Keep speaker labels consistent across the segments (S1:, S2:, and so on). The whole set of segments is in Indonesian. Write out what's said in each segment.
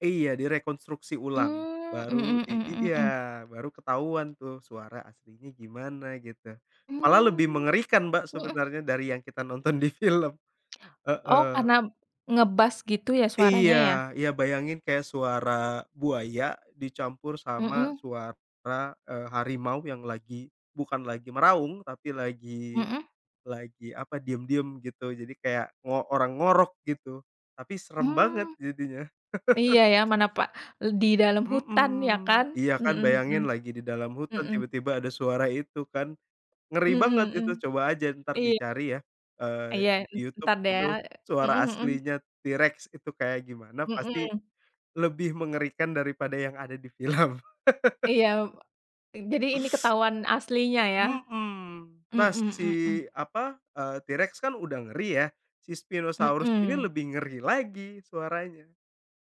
S1: Iya, direkonstruksi ulang.
S2: Mmm,
S1: Baru
S2: mhm
S1: di i
S2: mhm mhm.
S1: iya baru ketahuan tuh suara aslinya gimana, gitu. Malah lebih
S2: Mmm.
S1: mengerikan, Mbak,
S2: Mhm.
S1: sebenarnya dari yang kita nonton di film,
S2: Oh,
S1: heeh.
S2: karena ngebass gitu ya, suaranya ya?
S1: Iya, ya bayangin kayak suara buaya dicampur sama
S2: Mhm.
S1: suara, eee, harimau yang lagi bukan lagi meraung, tapi lagi,
S2: Mhm.
S1: lagi apa, diam-diam, gitu. Jadi kayak ngo orang ngorok, gitu. Tapi seram banget
S2: Mmm.
S1: jadinya.
S2: Iya, ya. Mana pak eee, di dalam hutan ya kan?
S1: Mhm. Iya kan
S2: Mhm mhm.
S1: bayangin lagi di dalam hutan
S2: Mhm.
S1: tiba-tiba ada suara itu kan, ngeri banget,
S2: Mhm mhm.
S1: itu. Coba aja entar
S2: Iya.
S1: dicari ya, eee,
S2: Iya,
S1: di
S2: en
S1: YouTube
S2: entar deh
S1: itu
S2: ya, eee,
S1: suara
S2: mhm mhm.
S1: aslinya T-Rex, itu kayak gimana pasti,
S2: Mhm.
S1: lebih mengerikan daripada yang ada di film.
S2: Iya, me jadi ini ketahuan aslinya ya?
S1: Mhm. Nah,
S2: Mhm
S1: si
S2: mhm.
S1: apa, eee, T-Rex kan udah ngeri ya, si Spinosaurus ini
S2: Mhm.
S1: lebih ngeri lagi suaranya.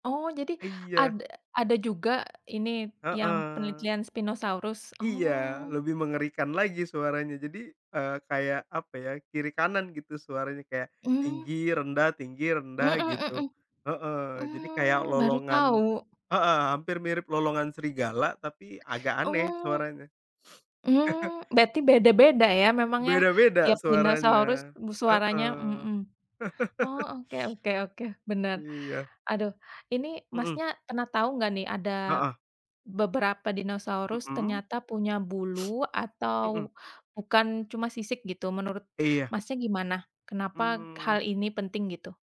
S2: Oh, jadi,
S1: Iya.
S2: ad ada juga ini yang
S1: Heeh.
S2: penelitian Spinosaurus?
S1: Iya,
S2: Oh.
S1: lebih mengerikan lagi suaranya. Jadi, eee, kayak, apa ya, kiri kanan gitu suaranya. Kayak,
S2: Mmm.
S1: tinggi, rendah, tinggi,
S2: Mhm
S1: rendah, gitu,
S2: mhm.
S1: heeh. Jadi kayak
S2: Mmm, baru
S1: lolongan
S2: tahu.
S1: heeh, hampir mirip lolongan serigala tapi agak aneh,
S2: Oh.
S1: suaranya.
S2: Mmm, berarti beda-beda ya, memang ya,
S1: Beda-beda
S2: tiap dinosaurus
S1: suaranya,
S2: b suaranya,
S1: heeh.
S2: mhm. Oh, oke oke oke, benar.
S1: Iya.
S2: Aduh, ini,
S1: Mhm.
S2: Masnya pernah tahu nggak nih, ada
S1: Heeh.
S2: beberapa Dinosaurus
S1: Mhm.
S2: ternyata punya bulu
S1: Mhm.
S2: atau bukan cuma sisik gitu menurut,
S1: Iya.
S2: Masnya, gimana? Kenapa
S1: Mmm.
S2: hal ini penting, gitu?